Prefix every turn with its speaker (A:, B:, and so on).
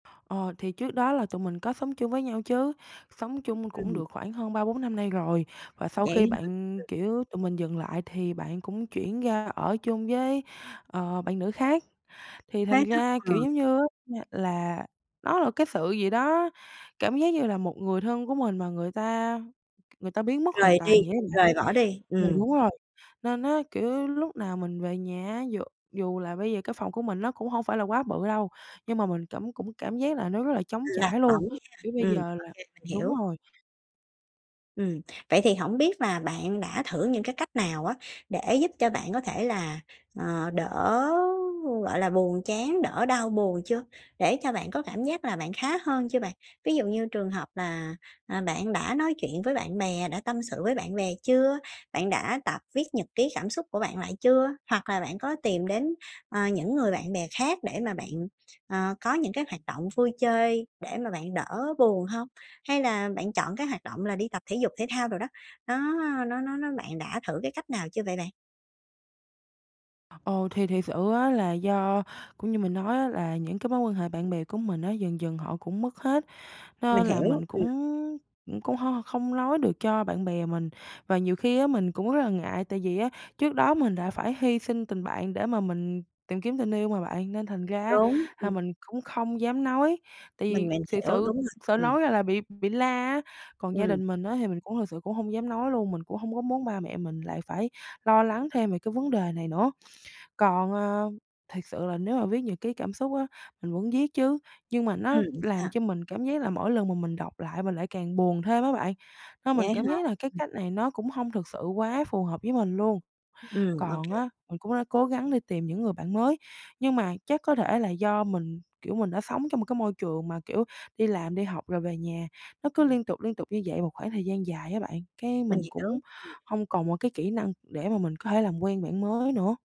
A: Ờ, thì trước đó là tụi mình có sống chung với nhau chứ, sống chung cũng
B: Ừm.
A: được khoảng hơn 3-4 năm nay rồi, và sau khi
B: Vậy
A: bạn,
B: hả?
A: kiểu tụi mình dừng lại thì bạn cũng chuyển ra ở chung với, ờ, bạn nữ khác. Thì
B: Thế
A: thành
B: á?
A: ra,
B: Ờ.
A: kiểu giống á, ơ, là nó là cái sự gì đó, cảm giác như là một người thân của mình mà người ta người ta biến mất hoàn
B: Rời đi,
A: toàn vậy á bạn.
B: rời bỏ đi,
A: Ừ,
B: ừm.
A: đúng rồi, nên á, kiểu, lúc nào mình về nhà á, dù dù là bây giờ cái phòng của mình nó cũng hông phải là quá bự đâu, nhưng mà mình cảm cũng cảm giác là nó rất là trống
B: Lạc
A: trải luôn,
B: lỏng nha,
A: kiểu bây
B: ừm,
A: giờ
B: ô
A: là
B: kê, mình
A: đúng
B: hiểu.
A: rồi.
B: Ừm, vậy thì hổng biết là bạn đã thử những cái cách nào á, để giúp cho bạn có thể là, ờ, đỡ, gọi là, buồn chán, đỡ đau buồn chưa, để cho bạn có cảm giác là bạn khá hơn chưa bạn? Ví dụ như trường hợp là, ờ, bạn đã nói chuyện với bạn bè, đã tâm sự với bạn bè chưa? Bạn đã tập viết nhật ký cảm xúc của bạn lại chưa, hoặc là bạn có tìm đến, ờ, những người bạn bè khác để mà bạn, ờ, có những cái hoạt động vui chơi để mà bạn đỡ buồn hông? Hay là bạn chọn cái hoạt động là đi tập thể dục thể thao đồ đó, nó nó nó nó bạn đã thử cái cách nào chưa vậy bạn?
A: Ồ, thì thiệt sự á, là do cũng như mình nói á, là những cái mối quan hệ bạn bè của mình á, dần dần họ cũng mất hết,
B: Mình
A: nên là
B: hiểu,
A: mình
B: ừm.
A: cũng cũng hông không nói được cho bạn bè mình. Và nhiều khi á, mình cũng rất là ngại, tại vì á, trước đó mình đã phải hy sinh tình bạn để mà mình tìm kiếm tình yêu mà bạn, nên thành ra á,
B: Đúng,
A: là
B: ừm.
A: mình cũng không dám nói, tại
B: Mình,
A: vì
B: mình
A: thiệt
B: hiểu, đúng
A: sự
B: rồi,
A: sợ
B: ừm.
A: nói ra là bị bị la á. Còn gia
B: Ừm.
A: đình mình á, thì mình cũng thực sự cũng hông dám nói luôn, mình cũng hông có muốn ba mẹ mình lại phải lo lắng thêm về cái vấn đề này nữa. Còn, ờ, thiệt sự là nếu mà viết nhật ký cảm xúc á, mình muốn viết chứ, nhưng mà nó
B: Ừm,
A: làm
B: sao?
A: cho mình cảm giác là mỗi lần mà mình đọc lại mình lại càng buồn thêm á bạn, nên mình
B: Vậy
A: cảm
B: hả?
A: giác là cái
B: Ừm.
A: cách này nó cũng hông thực sự quá phù hợp với mình luôn.
B: Ừm, ô
A: Còn
B: kê.
A: á, mình cũng đã cố gắng đi tìm những người bạn mới, nhưng mà chắc có thể là do mình, kiểu, mình đã sống trong một cái môi trường mà, kiểu, đi làm đi học rồi về nhà nó cứ liên tục, liên tục như vậy một khoảng thời gian dài á bạn, cái
B: Mình
A: mình
B: hiểu,
A: cũng
B: ừm.
A: hông còn một cái kỹ năng để mà mình có thể làm quen bạn mới nữa.